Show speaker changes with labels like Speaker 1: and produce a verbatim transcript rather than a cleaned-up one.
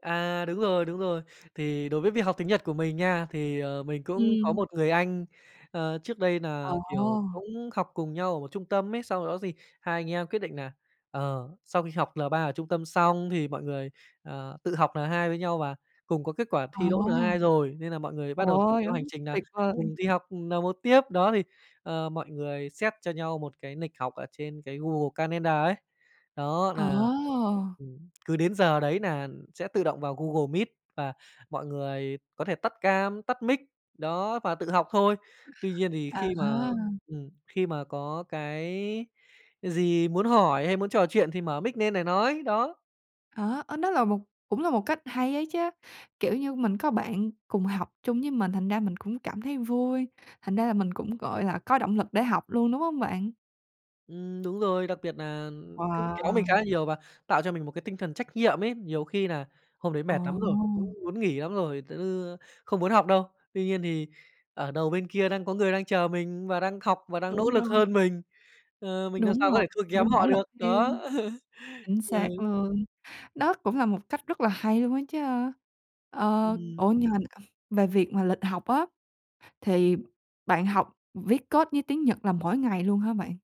Speaker 1: À, đúng rồi, đúng rồi, thì đối với việc học tiếng Nhật của mình nha, thì, ờ, mình cũng có
Speaker 2: Ừm.
Speaker 1: một người anh, ờ, trước đây
Speaker 2: Ồ.
Speaker 1: nà, kiểu, cũng học cùng nhau ở một trung tâm ấy, sau đó gì hai anh em quyết định nà, ờ, sau khi học L ba ở trung tâm xong thì mọi người, ờ, tự học N hai với nhau và cùng có kết quả
Speaker 2: Ồ.
Speaker 1: thi đỗ N hai rồi, nên là mọi người
Speaker 2: Ồ,
Speaker 1: bắt đầu rủ theo hành
Speaker 2: [unintelligible]
Speaker 1: trình nà
Speaker 2: tuyệt vời.
Speaker 1: cùng đi học, ừm, N một tiếp, đó, thì, ờ, mọi người set cho nhau một cái nịch học ở trên cái Google ca nen đờ ấy, đó nà,
Speaker 2: Ồ.
Speaker 1: ừm, cứ đến giờ đấy nà sẽ tự động vào Google Meet và mọi người có thể tắt cam, tắt mic, đó và tự học thôi. Tuy nhiên thì khi mà,
Speaker 2: À.
Speaker 1: ừm, khi mà có cái gì muốn hỏi hay muốn trò chuyện thì mở mic, nên nại nói đó.
Speaker 2: À, ơ, đó là một cũng là một cách hay ấy chứ, kiểu như mình có bạn cùng học chung với mình, thành ra mình cũng cảm thấy vui, thành ra là mình cũng, gọi là, có động lực để học luôn, đúng hông bạn?
Speaker 1: Ừm, đúng rồi, đặc biệt nà cũng kéo mình khá
Speaker 2: Wow.
Speaker 1: là nhiều và tạo cho mình một cái tinh thần trách nhiệm ấy, nhiều khi nà hôm đấy
Speaker 2: Ờ.
Speaker 1: mệt lắm rồi, cũng muốn nghỉ lắm rồi t ư, ơ, không muốn học đâu. Tuy nhiên thì ở đầu bên kia đang có người đang chờ mình và đang học và đang nỗ
Speaker 2: Đúng
Speaker 1: lực
Speaker 2: rồi.
Speaker 1: hơn mình, ờ, mình nàm
Speaker 2: Đúng
Speaker 1: sao có
Speaker 2: rồi,
Speaker 1: thể thua
Speaker 2: phải
Speaker 1: kém
Speaker 2: nỗ
Speaker 1: họ
Speaker 2: lực
Speaker 1: được,
Speaker 2: theo.
Speaker 1: đó,
Speaker 2: Chính xác
Speaker 1: ừ.
Speaker 2: luôn, đó cũng là một cách rất là hay luôn á chứ, ơ. Ờ,
Speaker 1: Ừm.
Speaker 2: ủa, nhưng mà, [unintelligible] về việc mà lịch học á, thì bạn học viết code với tiếng Nhật là mỗi ngày luôn hả bạn?